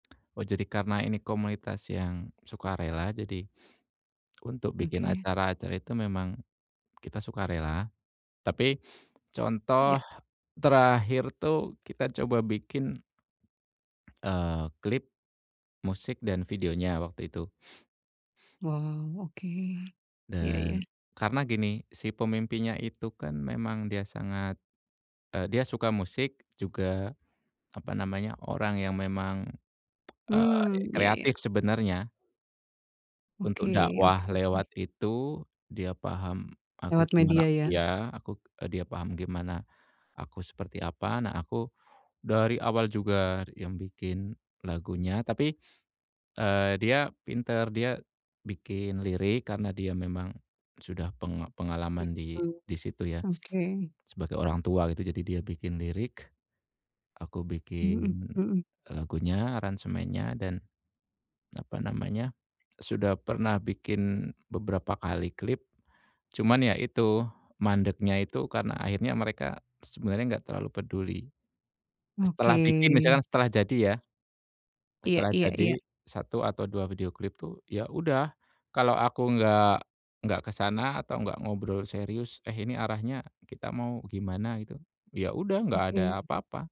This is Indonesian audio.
Oh, jadi karena ini komunitas yang, sukarela, jadi untuk bikin Oke. acara-acara itu memang, kita sukarela. Tapi, Iya. contoh, terakhir tuh, kita coba bikin eee, klip, musik dan videonya, waktu itu. Oh, oke, ya ya. Dan, karena gini, si pemimpinya itu kan memang dia sangat, eee, dia suka musik, juga, apa namanya, orang yang memang, eee, Hmm, ya ya. kreatif sebenarnya. Untuk Oke oke dakwah lewat oke. itu, dia paham, aku Lewat gimana media ya? ya, aku eee, dia paham gimana, aku seperti apa, nah aku, dari awal juga yang bikin lagunya, tapi, eee, dia pintar, dia, bikin lirik karena dia memang, sudah penga pengalaman di Mmm, di situ ya, oke. sebagai orang tua gitu, jadi dia bikin lirik, aku Mmm, bikin mhm. lagunya, aransemennya, dan, apa namanya, sudah pernah bikin beberapa kali klip, cuman ya itu, mandeknya itu karena akhirnya mereka, sebenarnya enggak terlalu peduli. Setelah bikin misalnya Oke. setelah jadi ya. Iya Setelah iya iya. jadi, 1 atau 2 video klip tuh, ya udah, kalau aku nggak, nggak ke sana, atau nggak ngobrol serius, "Eh ini arahnya, kita mau gimana?" Gitu, ya udah, nggak ada Oke. apa-apa.